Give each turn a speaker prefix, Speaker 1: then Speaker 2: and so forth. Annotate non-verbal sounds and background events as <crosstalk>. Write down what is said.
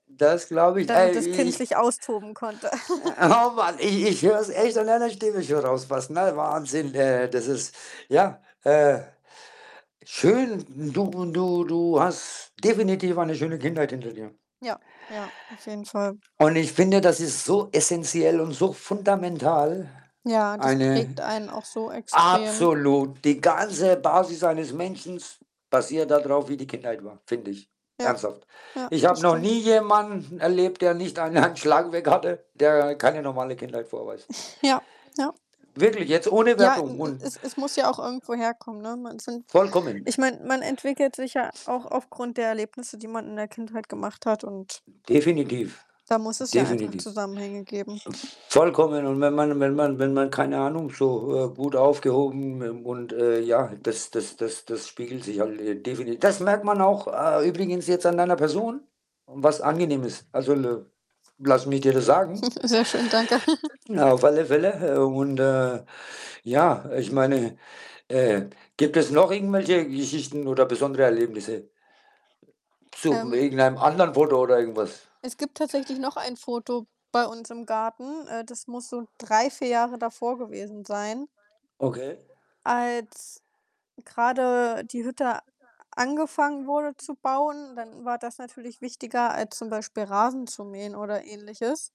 Speaker 1: Das glaube ich,
Speaker 2: Damit das Kind
Speaker 1: ehrlich.
Speaker 2: sich
Speaker 1: <unintelligible>
Speaker 2: austoben konnte.
Speaker 1: Äh,
Speaker 2: <chuckles>
Speaker 1: <snorts> hau Mann! Ich ich höre es echt an deiner Stimme schon raus fast. Ne, Wahnsinn! Äh, das ist ja, äh schön. Du du du hast definitiv eine schöne Kindheit hinter dir.
Speaker 2: Ja, ja, auf jeden Fall.
Speaker 1: Und ich finde, das ist so essenziell und so fundamental
Speaker 2: Ja, das prägt
Speaker 1: eine
Speaker 2: einen auch so extrem.
Speaker 1: absolut! Die ganze Basis eines Menschens basiert da drauf, wie die Kindheit war, finde ich,
Speaker 2: Ja,
Speaker 1: ernsthaft.
Speaker 2: ja,
Speaker 1: Ich
Speaker 2: das
Speaker 1: habe noch
Speaker 2: stimmt.
Speaker 1: nie jemanden erlebt, der nicht ein einen Schlag weg hatte, der keine normale Kindheit vorweist.
Speaker 2: <snorts> Ja, ja.
Speaker 1: Wirklich, jetzt ohne
Speaker 2: Ja, e
Speaker 1: Wertung
Speaker 2: e
Speaker 1: und ja.
Speaker 2: es es muss ja auch irgendwo herkommen, ne? Man sind
Speaker 1: Vollkommen.
Speaker 2: ich meine, man entwickelt sich ja
Speaker 1: S
Speaker 2: auch aufgrund der Erlebnisse, die man in der Kindheit gemacht hat und
Speaker 1: Definitiv,
Speaker 2: da muss es ja einfach
Speaker 1: definitiv.
Speaker 2: Zusammenhänge geben.
Speaker 1: Vollkommen und wenn man und wenn man wenn man, keine Ahnung, so, äh, gut aufgehoben, ähm, und, äh, ja, das das das das spiegelt sich halt, äh, defini das merkt man auch, äh, übrigens jetzt an deiner Person und was angenehm ist. Also, I lass mich dir das
Speaker 2: Mhm.
Speaker 1: sagen.
Speaker 2: <chuckles> Sehr schön, danke. <chuckles>
Speaker 1: Ja, auf alle Fälle, äh, und, äh, ja, ich meine, äh gibt es noch irgendwelche Geschichten oder besondere Erlebnisse zu
Speaker 2: Ähm
Speaker 1: irgendeinem anderen Foto oder irgendwas?
Speaker 2: Es gibt tatsächlich noch ein Foto bei uns im Garten. Äh, das muss so 3, 4 Jahre davor gewesen sein.
Speaker 1: Okay.
Speaker 2: Als grade die Hütte a angefangen wurde zu bauen, dann war das natürlich wichtiger als zum Beispiel Rasen zu mähen oder Ähnliches.